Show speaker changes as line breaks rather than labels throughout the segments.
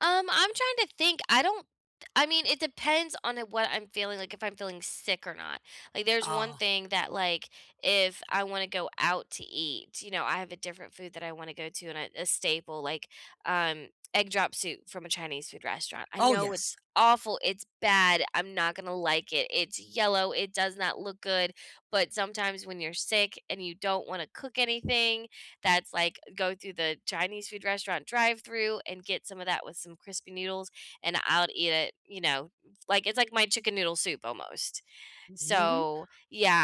Um, I'm trying to think, I don't I mean, it depends on, uh, what I'm feeling, like, if I'm feeling sick or not. Like, there's one
Oh.
thing that, like, if I wanna go out to eat, you know, I have a different food that I wanna go to and a a staple, like, um, egg drop soup from a Chinese food restaurant, I
Oh,
know
yes.
it's awful, it's bad, I'm not gonna like it, it's yellow, it does not look good, but, sometimes, when you're sick, and you don't wanna cook anything, that's like, eh, go through the Chinese food restaurant drive-through, and get some of that with some crispy noodles, and I'll eh eat it, you know. Like, it's like my chicken noodle soup, almost.
Mhm.
So,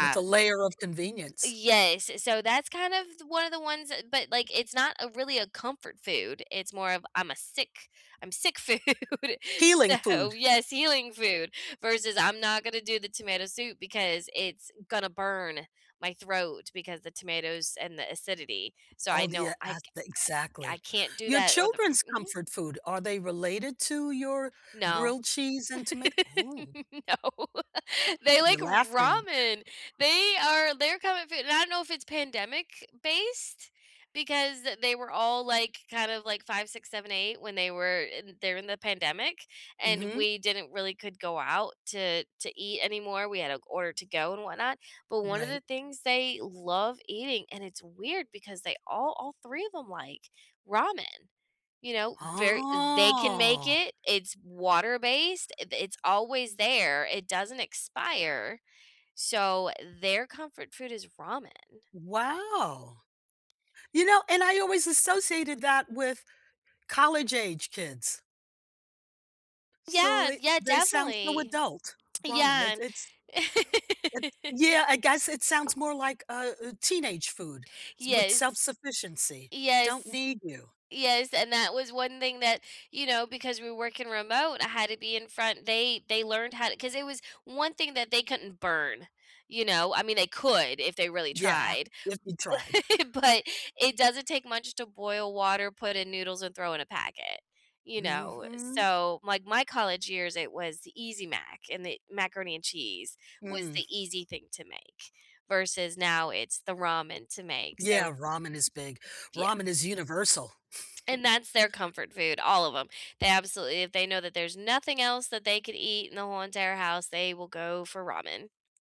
With a layer of convenience.
Yes, eh, so that's kind of th one of the ones that, but, like, it's not a really a comfort food, it's more of I'm a sick I'm sick food.
Healing
So
food.
yes, healing food, versus I'm not gonna do the tomato soup, because it's gonna burn my throat, because the tomatoes and the acidity. So,
Oh,
I
do you
know I
ask
ca
the
I
exactly.
I can't do
Your
that, or the
children's
mhm.
comfort food, are they related to your
No.
grilled cheese and tomat oh
No. They
you're
like
laughing.
ramen, they are their comfort foo and I don't know if it's pandemic-based, because they were all, like, kind of, like, 5, 6, 7, 8 when they were eh, they're in the pandemic, and
Mhm.
we didn't really could go out to to eat anymore, we had to g order to-go, and whatnot, but one of
Right.
the things they love eating and it's weird because they all all 3 of ‘em like ramen. You know, very eh, they can make
Oh.
it, it's water-based, i th it's always there, it doesn't expire, so, their comfort food is ramen.
Wow! You know, and I always associated that with college-age kids. So
Yeah,
they
yeah,
they sound so
definitely.
adult. Ramen,
Yeah,
it's it's
and
it yeah, I guess it sounds more like a a teenage food, s with
Yes,
self-sufficiency. "Don't
yes,
need you."
yes and that was one thing that you know, because we're working remote, I had to be in front they they learned how to 'cause it was one thing that they couldn't burn, you know? I mean, they could if they really
Yeah,
tried,
if you tried.
but but it doesn't take much to boil water, put in noodles, and throw in a packet, you know? Eh,
Mhm.
so, like, my college years, it was the Easy Mac, and the macaroni and cheese was the
Mm.
easy thing to make, versus now it's the ramen to make, so
Yeah, ramen is big.
Yeah.
Ramen is universal.
And, that's their comfort food, all of 'em. They absolutely if they know that there's nothing else that they could eat in the whole entire house, they will go for ramen.